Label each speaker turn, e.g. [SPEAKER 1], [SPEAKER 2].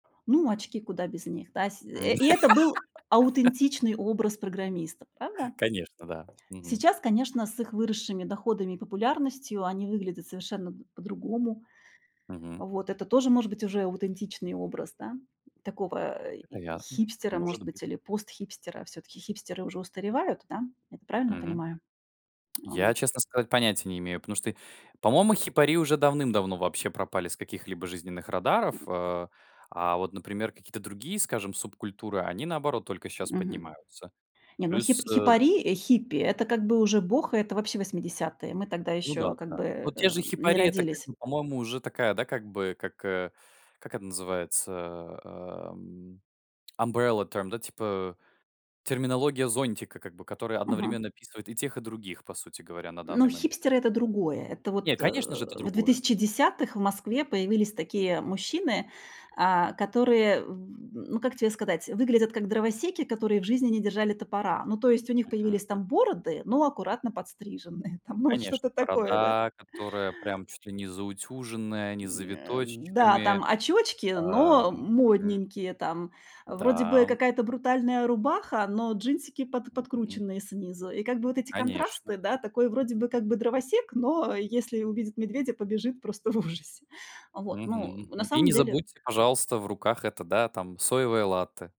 [SPEAKER 1] Ну, очки, куда без них, да? Сь э, и это был а аутентичный образ программистов, правда?
[SPEAKER 2] Конечно, да, мгм.
[SPEAKER 1] Сейчас, конечно, с их выросшими доходами и популярностью они выглядят совершенно, м, по-другому.
[SPEAKER 2] Мгм.
[SPEAKER 1] Вот это тоже может быть уже аутентичный образ, да, такого, э, и
[SPEAKER 2] Вероятно,
[SPEAKER 1] хипстера,
[SPEAKER 2] может
[SPEAKER 1] может
[SPEAKER 2] быть.
[SPEAKER 1] быть, или пост-хипстера, всё-таки хипстеры уже устаревают, да? Правильно
[SPEAKER 2] Мгм.
[SPEAKER 1] понимаю? А
[SPEAKER 2] Я,
[SPEAKER 1] вот
[SPEAKER 2] честно сказать, понятия не имею, потому что, по-моему, хипари уже давным-давно вообще пропали с каких-либо жизненных радаров, а а вот, например, какие-то другие, скажем, субкультуры, они, наоборот, только щас
[SPEAKER 1] Мгм.
[SPEAKER 2] поднимаются.
[SPEAKER 1] Не, ну, хип
[SPEAKER 2] Плюс, э
[SPEAKER 1] хипари, э, хиппи это как бы уже бохо. Это, вообще, 80-е. Мы тогда
[SPEAKER 2] Ну да,
[SPEAKER 1] ещё
[SPEAKER 2] к
[SPEAKER 1] как
[SPEAKER 2] да.
[SPEAKER 1] бы,
[SPEAKER 2] Вот те же
[SPEAKER 1] э, не
[SPEAKER 2] хипари- это как
[SPEAKER 1] родились.
[SPEAKER 2] бы, по-моему, уже такая, да, как бы как, э, как это называется, эм, umbrella term, да, типа, терминология зонтика как бы, которая
[SPEAKER 1] Мгм.
[SPEAKER 2] одновременно описывает и тех, и других, по сути говоря, на
[SPEAKER 1] Ну,
[SPEAKER 2] данный момент.
[SPEAKER 1] хипстеры- это другое. Это
[SPEAKER 2] Не,
[SPEAKER 1] вот, э,
[SPEAKER 2] конечно же, это
[SPEAKER 1] в две
[SPEAKER 2] другое.
[SPEAKER 1] тысячи десятых в Москве появились такие мужчины, а, которые, в ну, как тебе сказать, выглядят как дровосеки, которые в жизни не держали топора. Ну, то есть у них
[SPEAKER 2] Мгм,
[SPEAKER 1] появились
[SPEAKER 2] м.
[SPEAKER 1] там бороды, но аккуратно подстриженные там, ну, вот
[SPEAKER 2] Конечно,
[SPEAKER 1] что-то такое, да.
[SPEAKER 2] борода, которая прям чуть ли не заутюженная, не с
[SPEAKER 1] М, э, м, да,
[SPEAKER 2] завиточечками,
[SPEAKER 1] там очёчки, но
[SPEAKER 2] эм, мгм.
[SPEAKER 1] модненькие, там вроде
[SPEAKER 2] Да,
[SPEAKER 1] бы
[SPEAKER 2] м.
[SPEAKER 1] какая-то брутальная рубаха, но джинсики под
[SPEAKER 2] Мгм.
[SPEAKER 1] подкрученные снизу. И как бы вот эти
[SPEAKER 2] Конечно.
[SPEAKER 1] контрасты, да, такой вроде бы как бы дровосек, но если увидит медведя, побежит просто в ужасе, вот.
[SPEAKER 2] Мгм,
[SPEAKER 1] Ну, на
[SPEAKER 2] мгм, и
[SPEAKER 1] самом
[SPEAKER 2] не
[SPEAKER 1] деле
[SPEAKER 2] забудьте, пожалуйста, в руках это, да, там соевое латте.